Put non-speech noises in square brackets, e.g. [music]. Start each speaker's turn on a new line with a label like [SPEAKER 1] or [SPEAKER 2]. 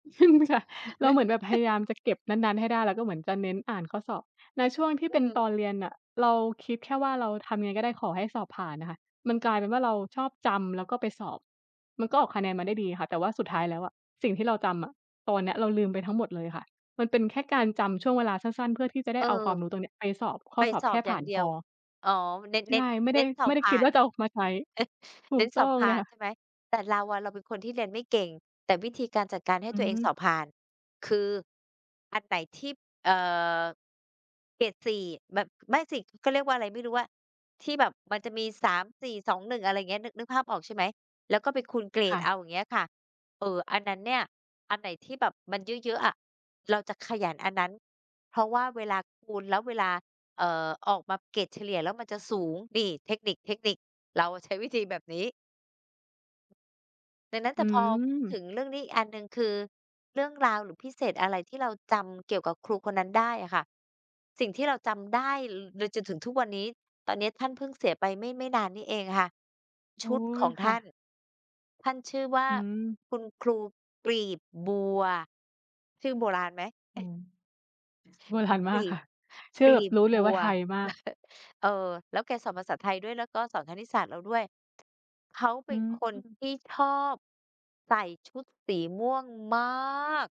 [SPEAKER 1] อืม ค่ะ เราเหมือนแบบพย
[SPEAKER 2] [chuckles]
[SPEAKER 1] ายามจะเก็บนั้น ๆ ให้ได้ แล้วก็เหมือนจะเน้นอ่านข้อสอบ ในช่วงที่
[SPEAKER 2] อื
[SPEAKER 1] เป็นต
[SPEAKER 2] ม
[SPEAKER 1] อนเรียนน่ะ เราคิดแค่ว่า เราทำยังไงก็ได้ขอให้สอบผ่านน่ะค่ะ มันกลายเป็นว่า เราชอบจำแล้วก็ไปสอบ มันก็ออกคะแนนมาได้ดีค่ะ แต่ว่าสุดท้ายแล้วอะ สิ่งที่เราจำอะ ตอนเนี้ยเราลืมไปทั้งหมดเลยค่ะ มันเป็นแค่การจำช่วงเวลาสั้น ๆ เพื่อที่จะไ
[SPEAKER 2] เ
[SPEAKER 1] ด
[SPEAKER 2] อ
[SPEAKER 1] ้
[SPEAKER 2] อ
[SPEAKER 1] เอาความรู้ตรงนี้ ไปสอบข้
[SPEAKER 2] ไป
[SPEAKER 1] อสอบ
[SPEAKER 2] ส
[SPEAKER 1] แ
[SPEAKER 2] อ
[SPEAKER 1] ค
[SPEAKER 2] บ
[SPEAKER 1] ่
[SPEAKER 2] อ
[SPEAKER 1] ผ
[SPEAKER 2] ย่
[SPEAKER 1] ่
[SPEAKER 2] า
[SPEAKER 1] า
[SPEAKER 2] ง
[SPEAKER 1] น
[SPEAKER 2] เดี
[SPEAKER 1] พ
[SPEAKER 2] ยว
[SPEAKER 1] อ
[SPEAKER 2] อ๋อ เน้น
[SPEAKER 1] ใช
[SPEAKER 2] เน้
[SPEAKER 1] ่
[SPEAKER 2] น
[SPEAKER 1] ไม่
[SPEAKER 2] เ
[SPEAKER 1] ได
[SPEAKER 2] น
[SPEAKER 1] ้
[SPEAKER 2] ้นสอ
[SPEAKER 1] ไม
[SPEAKER 2] บ
[SPEAKER 1] ่ได
[SPEAKER 2] ผ
[SPEAKER 1] ้
[SPEAKER 2] ่
[SPEAKER 1] คิ
[SPEAKER 2] า
[SPEAKER 1] ด
[SPEAKER 2] น
[SPEAKER 1] ว่าจะออกมาใช้
[SPEAKER 2] เน้น
[SPEAKER 1] ถู
[SPEAKER 2] เน้
[SPEAKER 1] ก
[SPEAKER 2] น
[SPEAKER 1] ต
[SPEAKER 2] ส
[SPEAKER 1] ้อ
[SPEAKER 2] อบ
[SPEAKER 1] ง
[SPEAKER 2] ผ
[SPEAKER 1] เล
[SPEAKER 2] ่า
[SPEAKER 1] ย
[SPEAKER 2] น
[SPEAKER 1] ค่
[SPEAKER 2] ใช
[SPEAKER 1] ะ
[SPEAKER 2] ่ไหม แต่เราอะ เราเป็นคนที่เรียนไม่เก่ง แต่วิธีการจัดการให้
[SPEAKER 1] อื
[SPEAKER 2] ตั
[SPEAKER 1] อ
[SPEAKER 2] วเอ
[SPEAKER 1] ฮ
[SPEAKER 2] งสอ
[SPEAKER 1] ึ
[SPEAKER 2] บผ่าน คือ อันไหนที่ เอ่อ เกรด 4 แบบ ไม่สิ เขาเรียกว่าไรไม่รู้อะ ที่แบบมันจะมี 3 4 2 1 อะไรเงี้ย นึก นึกภาพออกใช่ไหม แล้วก็ไปคูณเกร
[SPEAKER 1] ค
[SPEAKER 2] ด
[SPEAKER 1] ่
[SPEAKER 2] เอ
[SPEAKER 1] ะ
[SPEAKER 2] า อย่างเงี้ยค่ะ เออ อันนั้นเนี่ย อันไหนที่แบบมันเยอะ ๆ อะ เราจะขยันอันนั้น เพราะว่าเวลาคูณแล้ว เวลา เอ่อ ออกมาเกรดเฉลี่ยแล้วมันจะสูง นี่ เทคนิค ๆ เราอะใช้วิธีแบบนี้ ดังนั้นแ
[SPEAKER 1] อ
[SPEAKER 2] ต่พอพูดถ
[SPEAKER 1] ืม
[SPEAKER 2] ึงเรื่องนี้อีกอันหนึ่ง คือเรื่องราว หรือพิเศษอะไรที่เราจำเกี่ยวกับครูคนนั้นได้อะค่ะ สิ่งที่เราจำได้เลย จ จนถึงทุกวันนี้ ตอนเนี้ยท่านเพิ่งเสียไป ไม่ ไม่นานนี้เองค่ะ ช
[SPEAKER 1] อุ๊
[SPEAKER 2] ุดข
[SPEAKER 1] ย
[SPEAKER 2] อง
[SPEAKER 1] ค
[SPEAKER 2] ท
[SPEAKER 1] ่
[SPEAKER 2] ่าน
[SPEAKER 1] ะ
[SPEAKER 2] ท่านชื่อว่า
[SPEAKER 1] อืม
[SPEAKER 2] คุณครู กลีบบัว ชื่อโบราณไหม?
[SPEAKER 1] อ
[SPEAKER 2] อ
[SPEAKER 1] ื
[SPEAKER 2] ะ
[SPEAKER 1] ม โบราณม
[SPEAKER 2] ก
[SPEAKER 1] า
[SPEAKER 2] ล
[SPEAKER 1] ก
[SPEAKER 2] ี
[SPEAKER 1] ค
[SPEAKER 2] บ
[SPEAKER 1] ่ะ ชื่
[SPEAKER 2] ก
[SPEAKER 1] อ
[SPEAKER 2] ล
[SPEAKER 1] แบ
[SPEAKER 2] ี
[SPEAKER 1] บ
[SPEAKER 2] บ
[SPEAKER 1] รู้เล
[SPEAKER 2] บ
[SPEAKER 1] ยว
[SPEAKER 2] ั
[SPEAKER 1] ่า
[SPEAKER 2] ว
[SPEAKER 1] ไทยมาก
[SPEAKER 2] [chuckles] เออ แล้วแกสอนภาษาไทยด้วยนะ ก็สอนคณิตศาสตร์เราด้วย เขาเ
[SPEAKER 1] อ
[SPEAKER 2] ป
[SPEAKER 1] ื
[SPEAKER 2] ็น
[SPEAKER 1] อ
[SPEAKER 2] คน
[SPEAKER 1] ฮึ
[SPEAKER 2] ที่ ชอบ ใส่ชุดสีม่วง มาก